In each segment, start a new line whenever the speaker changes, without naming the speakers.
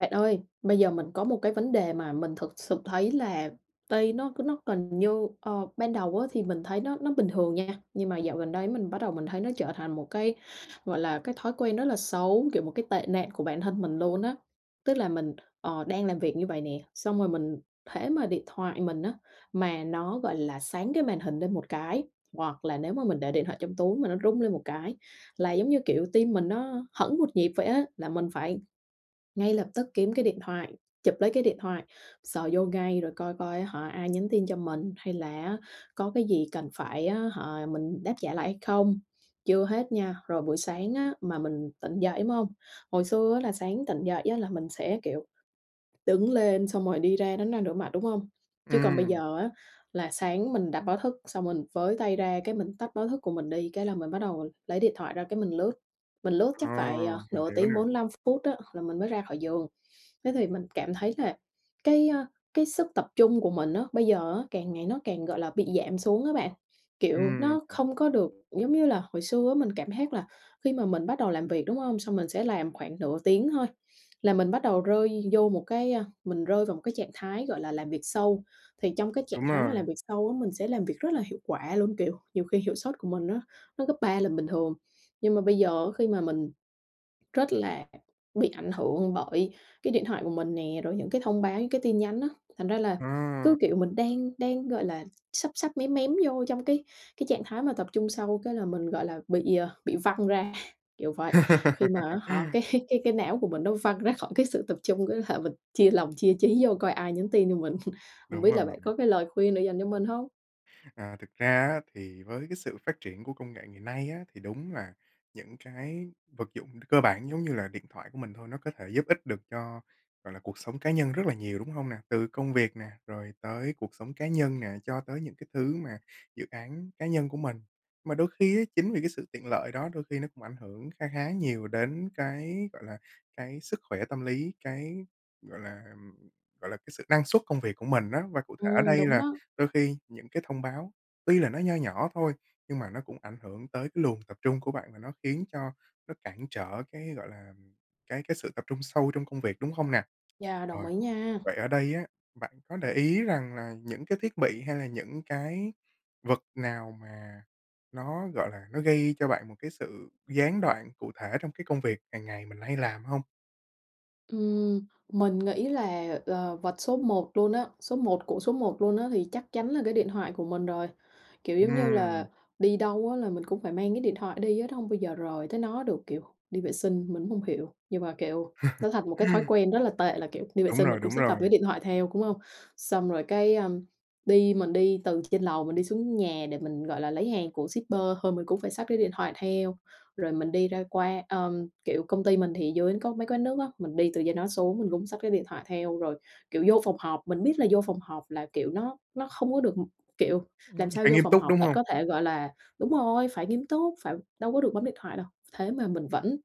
Bạn ơi, bây giờ mình có một cái vấn đề mà mình thực sự thấy là tay nó nó cần như, ờ, ban đầu á thì mình thấy nó nó bình thường nha, nhưng mà dạo gần đây á mình bắt đầu mình thấy nó trở thành một cái, gọi là, cái thói quen rất là xấu, kiểu, một cái tệ nạn của bản thân mình luôn á. Tức là mình, ờ, đang làm việc như vậy nè, xong rồi mình hễ mà điện thoại mình á mà nó, gọi là, sáng cái màn hình lên một cái, hoặc là nếu mà mình để điện thoại trong túi mà nó rung lên một cái là, giống như kiểu, tim mình nó hẫng một nhịp vậy á, là mình phải ngay lập tức kiếm cái điện thoại, chụp lấy cái điện thoại, sờ vô ngay rồi coi coi á hả ai nhắn tin cho mình hay là á có cái gì cần phải á hả mình đáp trả lại hay không? Chưa hết nha, rồi buổi sáng á mà mình tỉnh dậy, đúng hông? Hồi xưa á là sáng tỉnh dậy á là mình sẽ, kiểu, đứng lên xong rồi đi ra đánh răng rửa mặt, đúng hông? Chứ còn bây
Ừm.
giờ á là sáng mình đặt báo thức xong mình với tay ra cái mình tắt báo thức của mình đi cái là mình bắt đầu lấy điện thoại ra cái mình lướt, mình lướt
Ờ,
chắc phải, ờ,
mình
nửa
hiểu
tiếng
nè.
45 phút á là mình mới ra khỏi giường. Thế thì mình cảm thấy là cái, à, cái sức tập trung của mình á, bây giờ á càng ngày nó càng, gọi là, bị giảm xuống á bạn. Kiểu,
Ừm,
nó
ừm.
không có được giống như là hồi xưa á mình cảm giác là khi mà mình bắt đầu làm việc, đúng hông? Xong mình sẽ làm khoảng nửa tiếng thôi là mình bắt đầu rơi vô một cái, à, mình rơi vào một cái trạng thái, gọi là, làm việc sâu. Thì trong cái trạng
Đúng
thái mà
rồi.
làm việc sâu á mình sẽ làm việc rất là hiệu quả luôn, kiểu, nhiều khi hiệu sốt của mình á nó gấp 3 là bình thường. Nhưng mà bây giờ á khi mà mình rất là bị ảnh hưởng bởi cái điện thoại của mình nè, rồi những cái thông báo những cái tin nhắn á. Thành ra là
Ừ.
cứ, kiểu, mình đang đang, gọi là, sắp sắp mém mém vô trong cái cái trạng thái mà tập trung sâu cái là mình, gọi là, bị, ờ, bị văng ra, kiểu vậy. Khi mà á hả cái cái cái não của mình nó văng ra khỏi cái sự tập trung, cái là mình chia lòng chia chí vô coi ai nhắn tin cho mình? Hông
Đúng
biết
rồi.
là bạn có cái lời khuyên để dành cho mình hông?
À, thực ra á, thì với cái sự phát triển của công nghệ ngày nay á, thì đúng là những cái vật dụng cơ bản giống như là điện thoại của mình thôi, nó có thể giúp ích được cho, gọi là, cuộc sống cá nhân rất là nhiều, đúng không nè? Từ công việc nè, rồi tới cuộc sống cá nhân nè, cho tới những cái thứ mà dự án cá nhân của mình. Mà đôi khi á, chính vì cái sự tiện lợi đó đôi khi nó cũng ảnh ảnh hưởng kha khá nhiều đến cái, gọi là, cái sức khỏe tâm lý, cái, gọi là, ừm, gọi là, cái sự năng suất công việc của mình á. Và cụ thể ở
Ừm,
đây
đúng
là
đó.
đôi khi những cái thông báo tuy là nó nho nhỏ thôi, nhưng mà nó cũng ảnh hưởng tới cái luồng tập trung của bạn và nó khiến cho nó cản trở cái, gọi là, cái cái sự tập trung sâu trong công việc, đúng không nè?
Yeah, đồng
Rồi.
ý nha.
Vậy ở đây á, bạn có để ý rằng là những cái thiết bị hay là những cái vật nào mà nó, gọi là, nó gây cho bạn một cái sự gián đoạn cụ thể trong cái công việc hàng ngày mình hay làm hông?
Ừm, mình nghĩ là, ờ, vật số một luôn á, số một của số một luôn á thì chắc chắn là cái điện thoại của mình rồi. Kiểu, giống như
Ừm.
là đi đâu á là mình cũng phải mang cái điện thoại đi á, nó hông bao giờ rời tới nó được. Kiểu đi vệ sinh, mình cũng hông hiểu, nhưng mà, kiểu nó thành một cái thói quen rất là tệ là, kiểu, đi vệ
Đúng
sinh mình
rồi,
cũng
đúng
sẽ cầm cái
rồi.
điện thoại theo, đúng hông? Xong rồi cái, ơ, đi mình đi từ trên lầu mình đi xuống nhà để mình, gọi là, lấy hàng của shipper thôi mình cũng phải xách cái điện thoại theo, rồi mình đi ra qua ờ, kiểu, công ty mình thì dưới có mấy quán nước á, mình đi từ trên đó xuống mình cũng xách cái điện thoại theo. Rồi, kiểu, vô phòng họp, mình biết là vô phòng họp là kiểu nó nó không có được kiểu, làm
Ưm,
sao
phải
vô
nghiêm
phòng
túc
họp
đúng
bạn
hông?
có thể, gọi là đúng rồi, phải nghiêm túc, phải đâu có được bấm điện thoại đâu, thế mà mình vẫn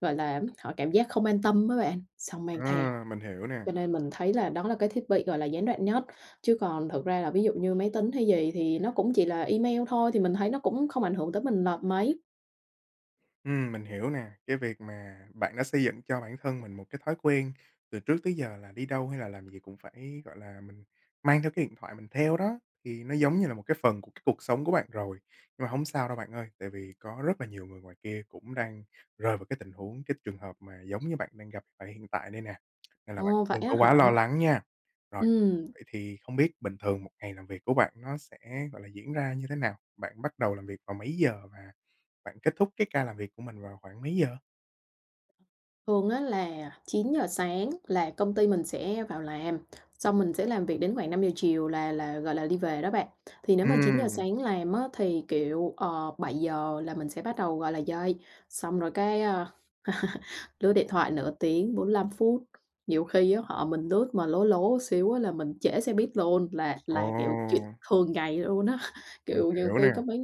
gọi là hả cảm giác không an tâm á bạn, xong mang theo.
À! Mình hiểu nè.
Cho nên mình thấy là đó là cái thiết bị gọi là gián đoạn nhất. Chứ còn thực ra là ví dụ như máy tính hay gì thì nó cũng chỉ là email thôi, thì mình thấy nó cũng không ảnh hưởng tới mình nộp mấy.
Ừm, mình hiểu nè, cái việc mà bạn đã xây dựng cho bản thân mình một cái thói quen từ trước tới giờ là đi đâu hay là làm gì cũng phải, gọi là, mình mang theo cái điện thoại mình theo đó, thì nó giống như là một cái phần của cái cuộc sống của bạn rồi. Nhưng mà hông sao đâu bạn ơi, tại vì có rất là nhiều người ngoài kia cũng đang rơi vào cái tình huống, cái trường hợp mà giống như bạn đang gặp tại hiện tại đây nè, nên là bạn
Ồ, vậy
đừng
á
có quá
hả?
lo lắng nha. Rồi,
Ừm.
vậy thì không biết bình thường một ngày làm việc của bạn nó sẽ, gọi là, diễn ra như thế nào? Bạn bắt đầu làm việc vào mấy giờ và bạn kết thúc cái ca làm việc của mình vào khoảng mấy giờ?
Thường á là 9:00 sáng là công ty mình sẽ vào làm, xong mình sẽ làm việc đến khoảng 5:00 chiều là là, gọi là, đi về đó bạn. Thì nếu mà 9:00
Ừm.
sáng làm á thì, kiểu, ờ, 7:00 là mình sẽ bắt đầu, gọi là, dậy, xong rồi cái, à, lướt điện thoại nửa tiếng, 45 phút, nhiều khi á họ mình lướt mà lố lố xíu á là mình trễ xe buýt luôn, là là, kiểu, chuyện
Ồ!
thường ngày luôn á.
Mình
Kiểu, nhiều
hiểu nè.
khi có mấy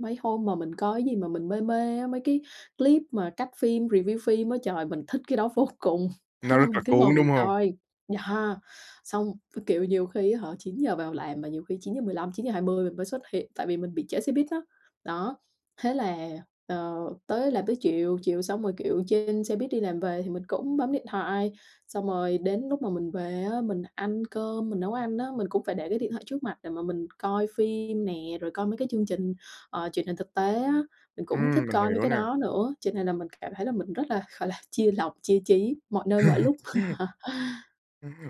mấy hôm mà mình coi cái gì mà mình mê mê á, mấy cái clip mà cắt phim, review phim á, trời, mình thích cái đó vô cùng, thế
Nó
là
rất
mình
là
cứ ngồi
cuốn,
mình
đúng hông?
coi, yeah. Xong, với kiểu nhiều khi á hả 9:00 giờ vào làm mà nhiều khi 9:15, 9:20 mình mới xuất hiện, tại vì mình bị trễ xe buýt á, đó, thế là, ờ, tới làm tới chiều, chiều xong rồi, kiểu, trên xe buýt đi làm về thì mình cũng bấm điện thoại, xong rồi đến lúc mà mình về á mình ăn cơm, mình nấu ăn á, mình cũng phải để cái điện thoại trước mặt để mà mình coi phim nè, rồi coi mấy cái chương trình, ờ, truyền hình thực tế á, mình cũng thích
Ừm, mình
coi mấy
hiểu
cái
nè.
đó nữa, cho nên là mình cảm thấy là mình rất là, gọi là, chia lòng, chia trí mọi nơi mọi lúc.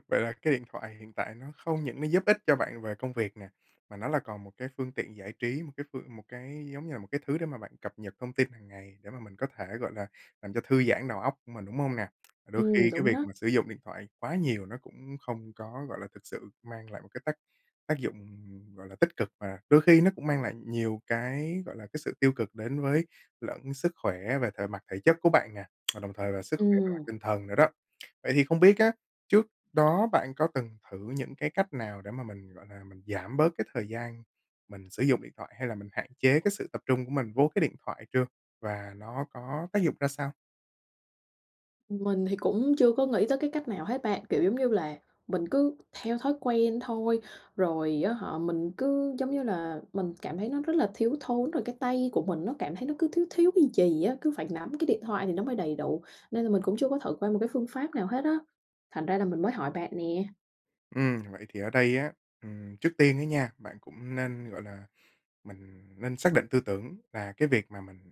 Vậy là cái điện thoại hiện tại nó không những nó giúp ích cho bạn về công việc nè, mà nó là còn một cái phương tiện giải trí, một cái phương một cái giống như là một cái thứ để mà bạn cập nhật thông tin hàng ngày để mà mình có thể, gọi là, làm cho thư giãn đầu óc của mình, đúng hông nè? Đôi
Ừm,
khi cái
đúng
việc
đó.
mà sử dụng điện thoại quá nhiều nó cũng không có, gọi là, thực sự mang lại một cái tác tác dụng, ừm, gọi là, tích cực, mà đôi khi nó cũng mang lại nhiều cái, gọi là, cái sự tiêu cực đến với lẫn sức khỏe về thể mặt thể chất của bạn nè, và đồng thời về sức khỏe về mặt
Ừm.
tinh thần nữa đó. Vậy thì không biết á, trước đó bạn có từng thử những cái cách nào để mà mình, gọi là, mình giảm bớt cái thời gian mình sử dụng điện thoại hay là mình hạn chế cái sự tập trung của mình vô cái điện thoại chưa, và nó có tác dụng ra sao?
Mình thì cũng chưa có nghĩ tới cái cách nào hết bạn, kiểu, giống như là, mình cứ theo thói quen thôi. Rồi, á hả, mình cứ giống như là mình cảm thấy nó rất là thiếu thốn, rồi cái tay của mình nó cảm thấy nó cứ thiếu thiếu cái gì á, cứ phải nắm cái điện thoại thì nó mới đầy đủ. Nên là mình cũng chưa có thử qua một cái phương pháp nào hết á, thành ra là mình mới hỏi bạn nè.
Ừm, vậy thì ở đây á, ừm, trước tiên á nha, bạn cũng nên, gọi là mình nên xác định tư tưởng là cái việc mà mình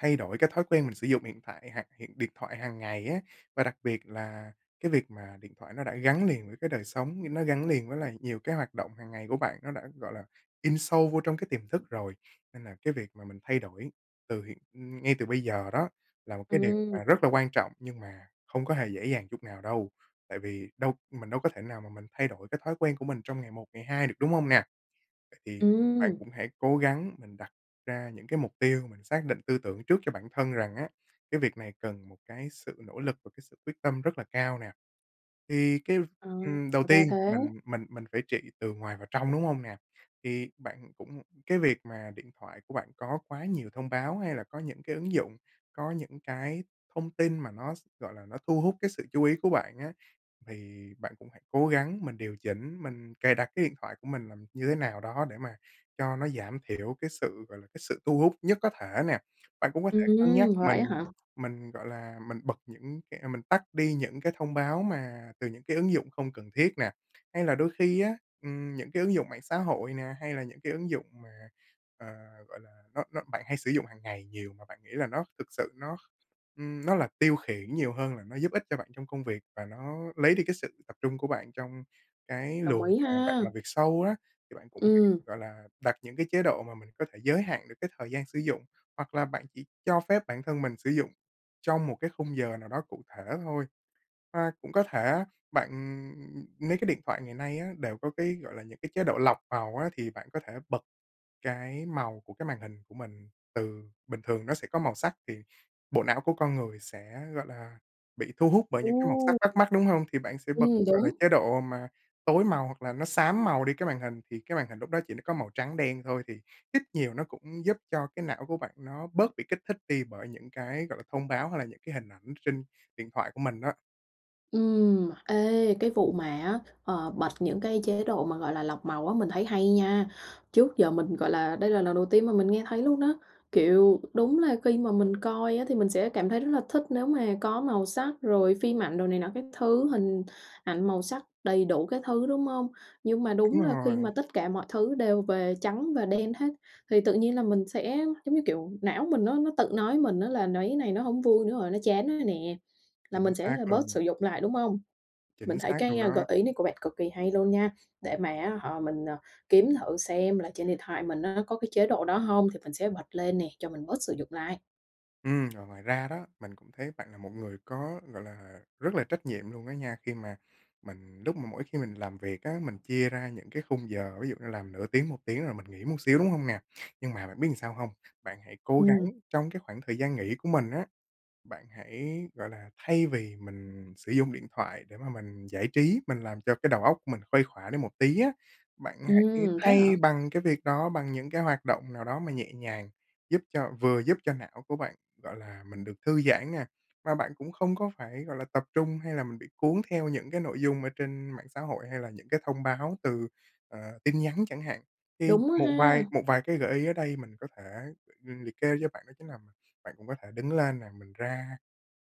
thay đổi cái thói quen mình sử dụng hiện tại hoặc hiện điện thoại hàng ngày á. Và đặc biệt là cái việc mà điện thoại nó đã gắn liền với cái đời sống, nó gắn liền với lại nhiều cái hoạt động hàng ngày của bạn, nó đã, gọi là, in sâu vô trong cái tiềm thức rồi. Nên là cái việc mà mình thay đổi từ hiện ừm, ngay từ bây giờ đó là một cái điều
Ừm.
mà rất là quan trọng, nhưng mà không có hề dễ dàng chút nào đâu, tại vì đâu mình đâu có thể nào mà mình thay đổi cái thói quen của mình trong ngày một, ngày hai được, đúng hông nè? Vậy thì bạn
Ừm.
cũng hãy cố gắng mình đặt ra những cái mục tiêu, mình xác định tư tưởng trước cho bản thân rằng á, cái việc này cần một cái sự nỗ lực, một cái sự quyết tâm rất là cao nè. Thì cái,
Ờ,
ừm, đầu
ra
tiên,
thế.
mình mình mình phải trị từ ngoài vào trong, đúng hông nè? Thì bạn cũng cái việc mà điện thoại của bạn có quá nhiều thông báo hay là có những cái ứng dụng, có những cái thông tin mà nó s gọi là, nó thu hút cái sự chú ý của bạn á, thì bạn cũng hãy cố gắng mình điều chỉnh, mình cài đặt cái điện thoại của mình là như thế nào đó để mà cho nó giảm thiểu cái sự, gọi là, cái sự thu hút nhất có thể nè. Bạn cũng có thể cân nhắc
Ừm, vậy
mình
á hả?
mình, gọi là, mình bật những cái mình tắt đi những cái thông báo mà từ những cái ứng dụng không cần thiết nè, hay là đôi khi á, ừm, những cái ứng dụng mạng xã hội nè, hay là những cái ứng dụng mà, ờ, gọi là, nó nó bạn hay sử dụng hàng ngày nhiều mà bạn nghĩ là nó thực sự nó, ưm, nó là tiêu khiển nhiều hơn là nó giúp ích cho bạn trong công việc, và nó lấy đi cái sự tập trung của bạn trong cái
Đồng
luồng
ý
mà bạn
ha.
làm việc sâu á. Thì bạn cũng,
Ừm.
gọi là, đặt những cái chế độ mà mình có thể giới hạn được cái thời gian sử dụng, hoặc là bạn chỉ cho phép bản thân mình sử dụng trong một cái khung giờ nào đó cụ thể thôi. À, cũng có thể á, bạn, ừm mấy cái điện thoại ngày nay á đều có cái, gọi là những cái chế độ lọc màu á, thì bạn có thể bật cái màu của cái màn hình của mình từ bình thường nó sẽ có màu sắc, thì bộ não của con người sẽ, gọi là, bị thu hút bởi những cái màu
Ồ!
sắc bắt mắt, đúng hông? Thì bạn sẽ bật,
Ừm,
gọi là,
đúng.
chế độ mà tối màu hoặc là nó xám màu đi cái màn hình, thì cái màn hình lúc đó chỉ nó có màu trắng đen thôi thì ít nhiều nó cũng giúp cho cái não của bạn nó bớt bị kích thích đi bởi những cái, gọi là, thông báo hay là những cái hình ảnh trên điện thoại của mình á.
Ừm, ê, cái vụ mà á, ờ, bật những cái chế độ mà, gọi là, lọc màu á mình thấy hay nha. Trước giờ mình, gọi là, đây là lần đầu tiên mà mình nghe thấy luôn đó. Kiểu, đúng là khi mà mình coi á thì mình sẽ cảm thấy rất là thích nếu mà có màu sắc, rồi phim ảnh, rồi này nọ các thứ, hình ảnh màu sắc đầy đủ các thứ, đúng hông? Nhưng mà
Đúng
đúng là khi
rồi.
mà tất cả mọi thứ đều về trắng và đen hết thì tự nhiên là mình sẽ, giống như kiểu, não mình nó nó tự nói mình á, là nấy này nó hông vui nữa rồi, nó chán rồi nè, là
Chính
mình sẽ,
xác
à, bớt
luôn.
sử dụng lại, đúng hông? Mình
Chính
thấy
xác
cái,
luôn
ơ, gợi
đó.
ý của bạn cực kì hay luôn nha, để mà, á hả, mình, ờ, kiếm thử xem là trên điện thoại mình nó có cái chế độ đó hông, thì mình sẽ bật lên nè, cho mình bớt sử dụng lại.
Ừm, rồi, ngoài ra đó, mình cũng thấy bạn là một người có, gọi là, rất là trách nhiệm luôn á nha, khi mà mình lúc mà mỗi khi mình làm việc á, mình chia ra những cái khung giờ, ví dụ như làm nửa tiếng, 1 tiếng rồi mình nghỉ một xíu, đúng hông nè? Nhưng mà bạn biết sao làm hông? Bạn hãy cố gắng
Ừm.
trong cái khoảng thời gian nghỉ của mình á, bạn hãy, gọi là, thay vì mình sử dụng điện thoại để mà mình giải trí, mình làm cho cái đầu óc của mình khuây khỏa đi một tí á, bạn hãy
Ừm, thế
thay
hả?
bằng cái việc đó, bằng những cái hoạt động nào đó mà nhẹ nhàng, giúp cho vừa giúp cho não của bạn, gọi là, mình được thư giãn nha, mà bạn cũng không có phải, gọi là, tập trung, hay là mình bị cuốn theo những cái nội dung ở trên mạng xã hội, hay là những cái thông báo từ, ờ, tin nhắn chẳng hạn. Thì
Đúng á
một
ha!
vài một vài cái gợi ý ở đây mình có thể, ờ, liệt kê cho bạn, đó chính là mình bạn cũng có thể đứng lên nè, mình ra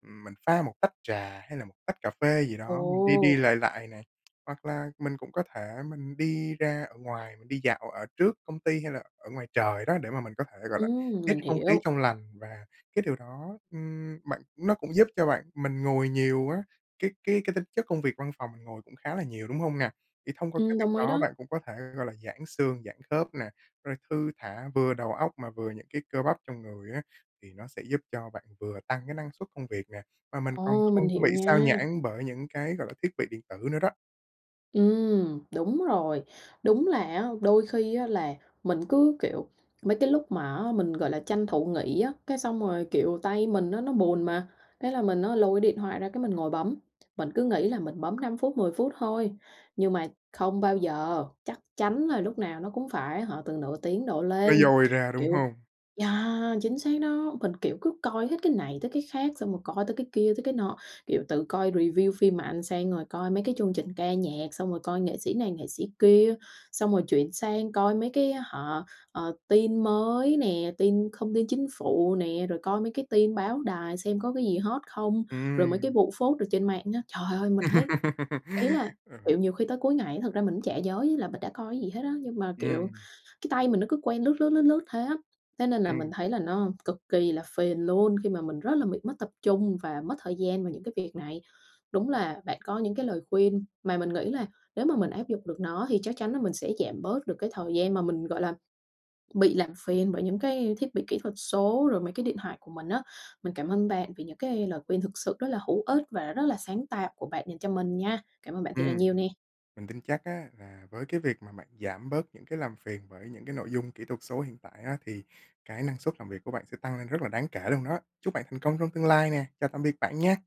mình pha một tách trà hay là một tách cà phê gì đó, mình đi đi,
Ồ!
lại lại này. Hoặc là mình cũng có thể mình đi ra ở ngoài, mình đi dạo ở trước công ty, hay là ở ngoài trời đó, để mà mình có thể, gọi là,
Ừm,
hít
mình
không khí
hiểu.
trong lành, và cái điều đó, ưm, bạn nó cũng giúp cho bạn mình ngồi nhiều á, cái cái cái tính chất công việc văn phòng mình ngồi cũng khá là nhiều, đúng hông nè? Thì thông qua cái
Ừm,
việc
đồng ý
đó, bạn
đó.
cũng có thể, gọi là, giãn xương, giãn khớp nè, rồi thư thả vừa đầu óc mà vừa những cái cơ bắp trong người á, thì nó sẽ giúp cho bạn vừa tăng cái năng suất công việc nè, mà mình còn
Ồ!
không
Mình
có
hiểu
bị xao
nha.
nhãng bởi những cái, gọi là, thiết bị điện tử nữa đó.
Ừm, đúng rồi. Đúng là á đôi khi á, là mình cứ kiểu mấy cái lúc mà á mình, gọi là, tranh thủ nghỉ á, cái xong rồi, kiểu, tay mình á nó buồn mà, thế là mình á lôi cái điện thoại ra cái mình ngồi bấm. Mình cứ nghĩ là mình bấm 5 phút 10 phút thôi, nhưng mà không bao giờ, chắc chắn là lúc nào nó cũng phải, á hả, từ nửa tiếng đổ
Nó
lên.
dôi ra, đúng
Kiểu
hông?
yeah, chính xác đó, mình, kiểu, cứ coi hết cái này tới cái khác, xong rồi coi tới cái kia tới cái nọ, kiểu từ coi review phim mà ăn sang rồi coi mấy cái chương trình ca nhạc, xong rồi coi nghệ sĩ này nghệ sĩ kia, xong rồi chuyển sang coi mấy cái, á hả, ờ, tin mới nè, tin không tin chính phủ nè, rồi coi mấy cái tin báo đài xem có cái gì hot không? Rồi mấy cái
Ừm.
vụ phốt ở trên mạng á. Trời ơi! Mình thấy, ý là,
Ừm.
kiểu, nhiều khi tới cuối ngày thực ra mình cũng chả nhớ như là mình đã coi cái gì hết á, nhưng mà, kiểu,
Ừm.
cái tay mình nó cứ quen lướt lướt, lướt lướt thế á. Thế nên là mình
Ừm.
thấy là nó cực kỳ là phiền luôn khi mà mình rất là bị mất tập trung và mất thời gian vào những cái việc này. Đúng là bạn có những cái lời khuyên mà mình nghĩ là nếu mà mình áp dụng được nó, thì chắc chắn là mình sẽ giảm bớt được cái thời gian mà mình, gọi là, bị làm phiền bởi những cái thiết bị kỹ thuật số rồi mấy cái điện thoại của mình á. Mình cảm ơn bạn vì những cái lời khuyên thực sự rất là hữu ích và rất là sáng tạo của bạn dành cho mình nha. Cảm ơn bạn thiệt là
Ừm,
nhiều nè!
mình tin chắc á là với cái việc mà bạn giảm bớt những cái làm phiền bởi những cái nội dung kỹ thuật số hiện tại á, thì cái năng suất làm việc của bạn sẽ tăng lên rất là đáng kể luôn đó. Chúc bạn thành công trong tương lai nè, chào tạm biệt bạn nha!